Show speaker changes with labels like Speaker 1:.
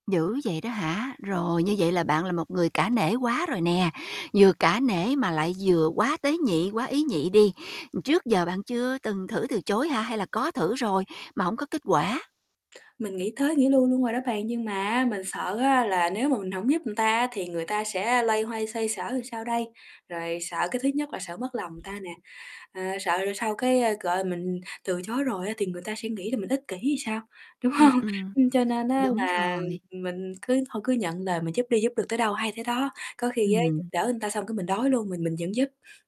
Speaker 1: Dữ vậy đó hả? Rồi, như vậy là bạn là một người cả nể quá rồi nè, vừa cả nể mà lại vừa quá tế nhị, quá ý nhị đi. Trước giờ bạn chưa từng thử từ chối hả? Hay là có thử rồi mà hổng có kết quả?
Speaker 2: Mình nghĩ tới nghĩ lui luôn rồi đó bạn, nhưng mà á mình sợ á là nếu mà mình hổng giúp ta á thì người ta sẽ loay hoay xoay sở làm sao đây? Rồi sợ cái thứ nhất là sợ mất lòng người ta nè, ờ, sợ rồi sau cái, ơ, gọi, mình từ chối rồi á thì người ta sẽ nghĩ là mình ích kỷ thì sao, đúng
Speaker 1: Ừm,
Speaker 2: hông?
Speaker 1: ừm,
Speaker 2: Ưm, cho nên á
Speaker 1: đúng
Speaker 2: là
Speaker 1: rồi.
Speaker 2: mình cứ thôi cứ nhận lời mình giúp đi, giúp được tới đâu hay tới đó, có khi á giúp
Speaker 1: Ừm.
Speaker 2: đỡ người ta xong cái mình đói luôn, mình mình vẫn giúp.